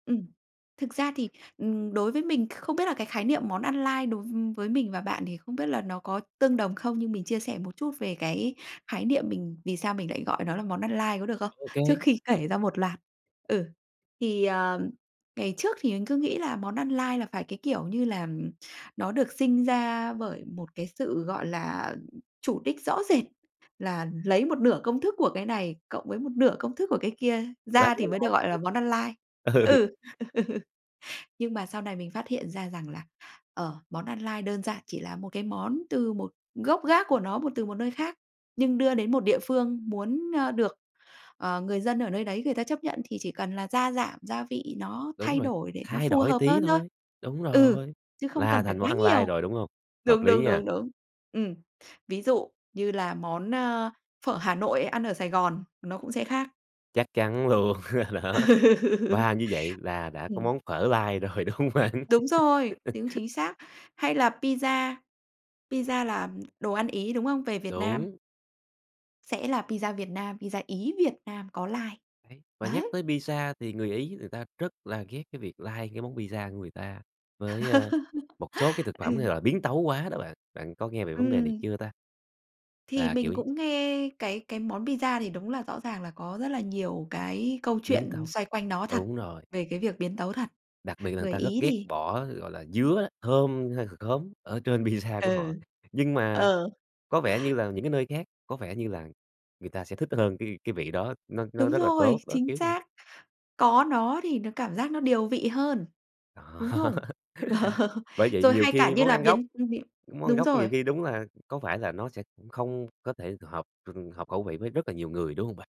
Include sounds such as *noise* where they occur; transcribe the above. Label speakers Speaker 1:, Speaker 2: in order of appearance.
Speaker 1: Ừm, thực ra thì, ừm, đối với mình không biết là cái khái niệm món ăn lai đối v với mình và bạn thì không biết là nó có tương đồng không. Nhưng mình chia sẻ một chút về cái khái niệm mình vì sao mình lại gọi nó là món ăn lai có được không,
Speaker 2: Ô kê.
Speaker 1: trước khi kể ra
Speaker 2: *unintelligible*
Speaker 1: một loạt? Ừ, thì, ờ, ngày trước thì mình cứ nghĩ là món ăn lai là phải, cái kiểu, như là nó được sinh ra bởi một cái sự, gọi là, chủ đích rõ rệt, là lấy một nửa công thức của cái này cộng với một nửa công thức của cái kia
Speaker 2: Là
Speaker 1: ra thì mới được
Speaker 2: *unintelligible*
Speaker 1: gọi là món ăn lai.
Speaker 2: ừ, ừ.
Speaker 1: Ừ, *laughs* nhưng mà sau này mình phát hiện ra rằng là, ờ, món ăn lai đơn giản chỉ là một cái món từ một gốc gác của nó, một từ một nơi khác, nhưng đưa đến một địa phương muốn, ơ, được, ờ, người dân ở nơi đấy người ta chấp nhận, thì chỉ cần là gia giảm gia vị nó
Speaker 2: Đúng
Speaker 1: thay
Speaker 2: rồi,
Speaker 1: đổi để nó
Speaker 2: thay
Speaker 1: phù
Speaker 2: đổi
Speaker 1: hợp
Speaker 2: tí
Speaker 1: hơn thôi.
Speaker 2: thôi, đúng
Speaker 1: Ừ,
Speaker 2: rồi,
Speaker 1: chứ không
Speaker 2: là
Speaker 1: cần phải
Speaker 2: thành món
Speaker 1: quá
Speaker 2: ăn lai
Speaker 1: nhiều,
Speaker 2: rồi, đúng hông? Hợp
Speaker 1: đúng,
Speaker 2: lý
Speaker 1: đúng,
Speaker 2: nha.
Speaker 1: đúng, đúng. Ừm, ví dụ như là món, ơ, phở Hà Nội ăn ở Sài Gòn nó cũng sẽ khác.
Speaker 2: Chắc chắn luôn, *laughs* đó.
Speaker 1: Ừ.
Speaker 2: Và như vậy là đã có
Speaker 1: Ừm.
Speaker 2: món phở lai rồi, đúng hông bạn?
Speaker 1: Đúng rồi,
Speaker 2: *laughs*
Speaker 1: tiếng chính xác. Hay là pizza, pizza là đồ ăn Ý, đúng không? Về Việt Nam
Speaker 2: Đúng.
Speaker 1: sẽ là pizza Việt Nam, pizza Ý Việt Nam có lai,
Speaker 2: Đấy, và nhắc
Speaker 1: đấy.
Speaker 2: tới pizza thì người Ý người ta rất là ghét cái việc lai cái món pizza của người ta với, ơ, một số cái thực
Speaker 1: *laughs*
Speaker 2: phẩm
Speaker 1: Ừ.
Speaker 2: hay là biến tấu quá đó bạn. Bạn có nghe về vấn đề này
Speaker 1: Ừm.
Speaker 2: chưa ta?
Speaker 1: Thì
Speaker 2: Là kiểu
Speaker 1: mình
Speaker 2: nh
Speaker 1: cũng nghe cái cái món pizza thì đúng là rõ ràng là có rất là nhiều cái câu
Speaker 2: Biến
Speaker 1: chuyện
Speaker 2: tấu.
Speaker 1: xoay quanh nó thật,
Speaker 2: Đúng rồi.
Speaker 1: về cái việc biến tấu thật.
Speaker 2: Đặc biệt là người
Speaker 1: Người
Speaker 2: ta rất
Speaker 1: Ý
Speaker 2: ghét
Speaker 1: thì
Speaker 2: bỏ, gọi là, dứa, thơm hay c khóm ở trên pizza của họ.
Speaker 1: Ừ,
Speaker 2: Nhưng mà
Speaker 1: ờ.
Speaker 2: có vẻ như là những cái nơi khác, có vẻ như là người ta sẽ thích hơn cái cái vị đó. Nó nó
Speaker 1: Đúng
Speaker 2: rất là
Speaker 1: rồi,
Speaker 2: tốt, đó,
Speaker 1: chính
Speaker 2: kiểu vậy.
Speaker 1: xác! Có nó thì nó cảm giác nó điều vị hơn,
Speaker 2: Đó.
Speaker 1: đúng không?
Speaker 2: *laughs*
Speaker 1: *laughs*
Speaker 2: Bởi vậy
Speaker 1: Rồi
Speaker 2: nhiều
Speaker 1: hay cả
Speaker 2: khi
Speaker 1: như
Speaker 2: món
Speaker 1: là
Speaker 2: ăn gốc
Speaker 1: biến, ưm, biến
Speaker 2: món ăn
Speaker 1: đúng
Speaker 2: gốc nhiều
Speaker 1: rồi.
Speaker 2: khi đúng là có phải là nó sẽ không có thể hợp *unintelligible* hợp khẩu vị với rất là nhiều người, đúng hông bạn?